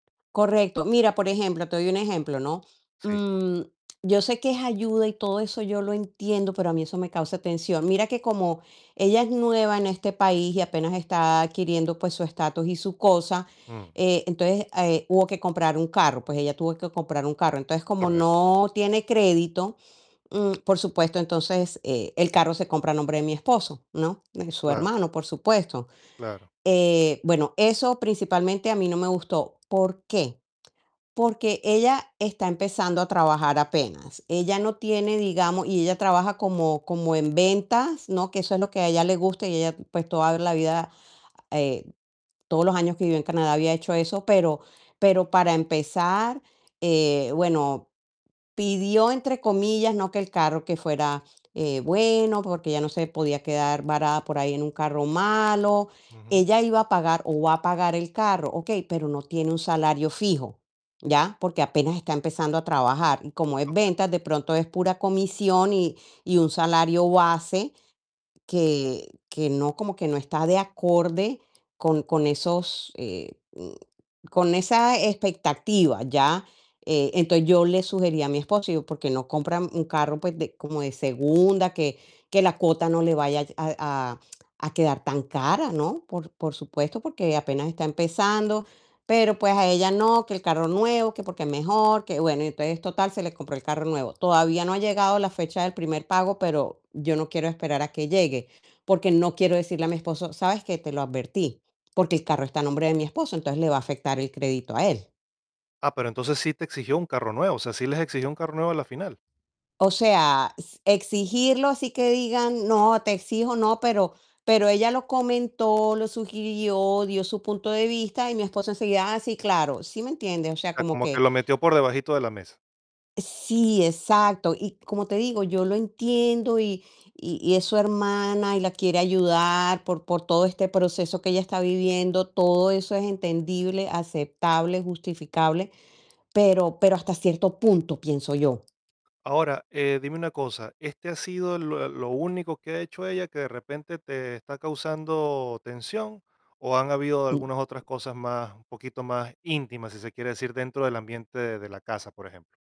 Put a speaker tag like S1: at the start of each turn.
S1: Correcto. Mira, por ejemplo, te doy un ejemplo, ¿no?,
S2: Sí.
S1: mm, yo sé que es ayuda y todo eso yo lo entiendo, pero a mí eso me causa tensión. Mira que, como ella es nueva en este país y apenas está adquiriendo, pues, su estatus y su cosa,
S2: Mm.
S1: eh, entonces, eh, hubo que comprar un carro, pues ella tuvo que comprar un carro. Entonces, como
S2: Correcto.
S1: no tiene crédito, mm, por supuesto, entonces e el carro se compra a nombre de mi esposo, ¿no?, de su
S2: Claro.
S1: hermano, por supuesto,
S2: Claro.
S1: eh, bueno, eso principalmente a mí no me gustó, ¿por qué? Porque ella está empezando a trabajar apenas, ella no tiene, digamos y ella trabaja como como en ventas, ¿no?, que eso es lo que a ella le gusta, y ella, pues, toda la vida, eh, todos los años que vive en Canadá había hecho eso, pero pero para empezar, eh, bueno, "pidió" entre comillas, ¿no?, que el carro que fuera, eh, bueno, porque ella no se podía quedar varada por ahí en un carro malo.
S2: Ujú.
S1: Ella iba a pagar o va a pagar el carro, okey, pero no tiene un salario fijo, ¿ya? Porque apenas está empezando a trabajar, y como es
S2: Okey.
S1: ventas, de pronto es pura comisión y y un salario base que que no, como que no está de acorde con con esos, eh, mm, con esa expectativa, ¿ya?, eh, entonces yo le sugerí a mi esposo, digo: "¿Por qué no compran un carro, pues, de como de segunda?, que que la cuota no le vaya a a a quedar tan cara", ¿no? Por por supuesto, porque apenas está empezando, pero, pues, a ella: "No, que el carro nuevo, que porque es mejor, que". Bueno, y entonces, total, se le compró el carro nuevo. Todavía no ha llegado la fecha del primer pago, pero yo no quiero esperar a que llegue, porque no quiero decirle a mi esposo: "¿Sabes qué? Te lo advertí", porque el carro está a nombre de mi esposo, entonces le va a afectar el crédito a él.
S2: Ah, pero entonces sí te exigió un carro nuevo, o sea, ¿sí les exigió un carro nuevo a la final?
S1: O sea, s exigirlo, así que digan: "No, te exijo, no", pero pero ella lo comentó, lo sugirió, dio su punto de vista, y mi esposo enseguida: "Ah, sí, claro", ¿sí me entiendes? O
S2: O
S1: sea,
S2: sea,
S1: como
S2: como que
S1: que
S2: lo metió por debajito de la mesa.
S1: Sí, exacto. Y, como te digo, yo lo entiendo y y y es su hermana y la quiere ayudar por por todo este proceso que ella está viviendo, todo eso es entendible, aceptable, justificable, pero pero hasta cierto punto, pienso yo.
S2: Ahora, eh, dime una cosa, ¿este ha sido el lo eh lo único que ha hecho ella, que de repente te está causando tensión? ¿O han habido algunas otras
S1: M
S2: cosas más un poquito más íntimas?, si se quiere decir, dentro del ambiente de la casa, por ejemplo.